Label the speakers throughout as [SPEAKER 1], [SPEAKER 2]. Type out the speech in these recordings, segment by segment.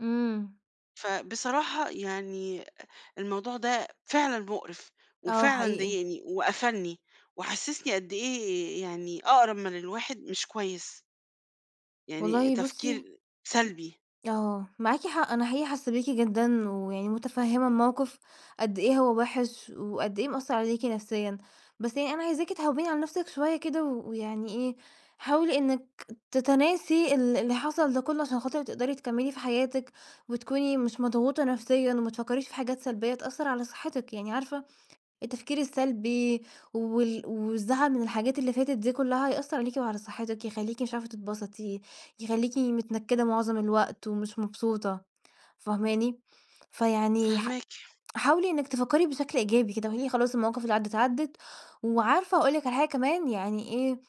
[SPEAKER 1] إمم.
[SPEAKER 2] فبصراحة يعني الموضوع ده فعلًا مقرِف
[SPEAKER 1] آه
[SPEAKER 2] وفعلًا
[SPEAKER 1] حقيقي.
[SPEAKER 2] ضايقني وقفَلني وحسّسني قد إيه يعني أقرّب من الواحد مش كويس. يعني
[SPEAKER 1] والله بُصّي
[SPEAKER 2] تفكير سلبي.
[SPEAKER 1] آه معاكِ حق، أنا حقيقي حاسّة بيكِ جدًا ويعني متفهِّمة الموقِف قد إيه هو وِحش وقد إيه مأثّر عليكِ نفسيًا. بس يعني أنا عايزاكِ تهوّني على نفسِك شوية كده و ويعني إيه، حاولي إنِك تتناسي ال اللي حصَل ده كلّه عشان خاطِر تقدَري تكمّلي في حياتِك وتكوني مش مضغوطة نفسيًا وما تفكّريش في حاجات سلبية تأثّر على صحّتِك يعني عارفة، التفكير السلبي وال والزعل من الحاجات اللي فاتت دي كلّها هيأثّر عليكِ وعلى صحّتِك، يخلّيكِ مش عارفة تتبسطي، يخلّيكِ متنكّدة مُعظم الوقت ومش مبسوطة فاهماني. فيعني ح
[SPEAKER 2] فاهماكِ.
[SPEAKER 1] حاولي إنِك تفكّري بشكل إيجابي كده وقولي خلاص المواقف اللي عدّت، عدّت، وعارفة أقول لِك على حاجة كمان، يعني إيه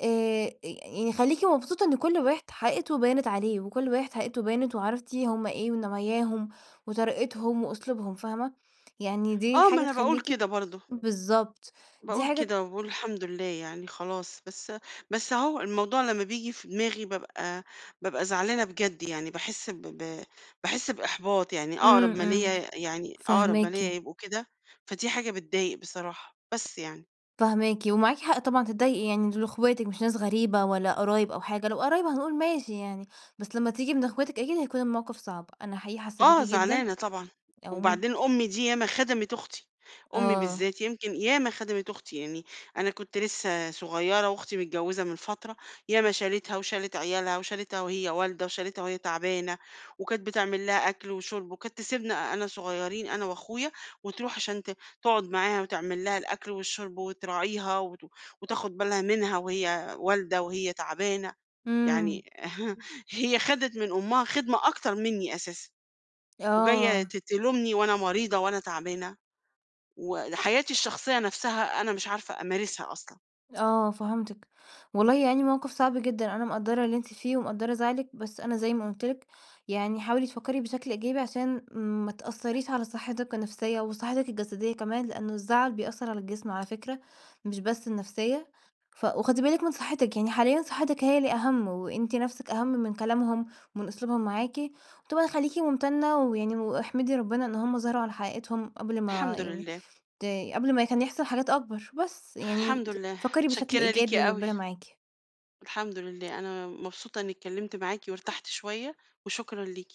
[SPEAKER 1] آآ، يعني خلّيكِ مبسوطة إن كلّ واحد حقيقته بانت عليه وكلّ واحد حقيقته بانت وعرفتِ هم إيه ونواياهم وطريقتهم وأسلوبهم فاهمة، يعني دي
[SPEAKER 2] آه، ما
[SPEAKER 1] حاجة
[SPEAKER 2] أنا باقول
[SPEAKER 1] تخلّيكِ
[SPEAKER 2] كده برضه.
[SPEAKER 1] بالضبط دي
[SPEAKER 2] باقول
[SPEAKER 1] حاجة
[SPEAKER 2] كده وباقول الحمد لله، يعني خلاص بس، بس هو الموضوع لمّا بييجي في دماغي بابقى بابقى زعلانة بجد يعني، باحس، ب ب باحس بإحباط يعني أقرَب
[SPEAKER 1] امم،
[SPEAKER 2] ما
[SPEAKER 1] امم،
[SPEAKER 2] ليَّ يعني، أقرب ما ليَّ
[SPEAKER 1] فاهماكِ.
[SPEAKER 2] يبقوا كده، فدي حاجة بتضايق بصراحة، بس يعني.
[SPEAKER 1] فاهماكِ، ومعاكِ حق طبعًا تتضايقي، يعني دول أخواتِك مش ناس غريبة ولا قرايب أو حاجة، لو قرايب هنقول ماشي يعني بس لما تيجي من أخواتِك أكيد هيكون الموقِف صعب. أنا حقيقي حاسّة بيكِ
[SPEAKER 2] آه
[SPEAKER 1] جدًا
[SPEAKER 2] زعلانة طبعًا
[SPEAKER 1] أو مد
[SPEAKER 2] وبعدين أمي دي يا ما خدَمِت أختي، أمي
[SPEAKER 1] آه.
[SPEAKER 2] بالذات يمكن ياما خدَمِت أختي يعني، أنا كنت لسّه صغيّرة وأختي متجوّزة من فترة، ياما شالِتها وشالِت عيالها وشالِتها وهي والدة وشالِتها وهي تعبانة وكانت بتعمل لها أكْل وشُرب وكانت تسيبنا أنا صغيّرين أنا وأخويا وترُوح عشان ت تقعد معاها وتعمل لها الأكْل والشُرب وتراعيها وت وتاخد بالها منها وهي والدة وهي تعبانة،
[SPEAKER 1] امم.
[SPEAKER 2] يعني هي أخدِت من أمها خدمة أكتر منّي أساسًا. وجاية
[SPEAKER 1] آه.
[SPEAKER 2] ت تلومني وأنا مريضة وأنا تعبانة وحياتي الشخصية نفْسها أنا مش عارفة أمارسها أصلًا.
[SPEAKER 1] آه فهمتِك، والله يعني موقِف صعب جدًا، أنا مقدَّرة اللي أنتِ فيه ومقدَّرة زعلِك، بس أنا زي ما قُلت لِك يعني حاولي تفكّري بشكل إيجابي عشان ما تأثّريش على صحّتِك النفسية وصحّتِك الجسدية كمان، لأنه الزعَل بيأثّر على الجسم على فكرة مش بس النفسية، ف وخُدي بالِك من صحّتِك، يعني حاليًا صحّتِك هي اللي أهَم وأنتِ نفْسِك أهَم من كلامهم ومن أسلوبهم معاكِ وطبعًا خلّيكِ ممتنّة ويعني واحمدي ربنا إن هُم ظَهروا على حقيقتهم قبْل ما
[SPEAKER 2] الحمد
[SPEAKER 1] يعني
[SPEAKER 2] لله.
[SPEAKER 1] ت قبْل ما كان يحصَل حاجات أكبر، بس يعني
[SPEAKER 2] الحمد
[SPEAKER 1] [unintelligible]
[SPEAKER 2] لله،
[SPEAKER 1] فكّري بشكْل
[SPEAKER 2] متشكّرة ليكِ
[SPEAKER 1] إيجابي
[SPEAKER 2] أوي.
[SPEAKER 1] وربنا معاكِ.
[SPEAKER 2] الحمد لله، أنا مبسوطة إني اتكلّمت معاكِ وارتحت شوية وشكرًا ليكِ.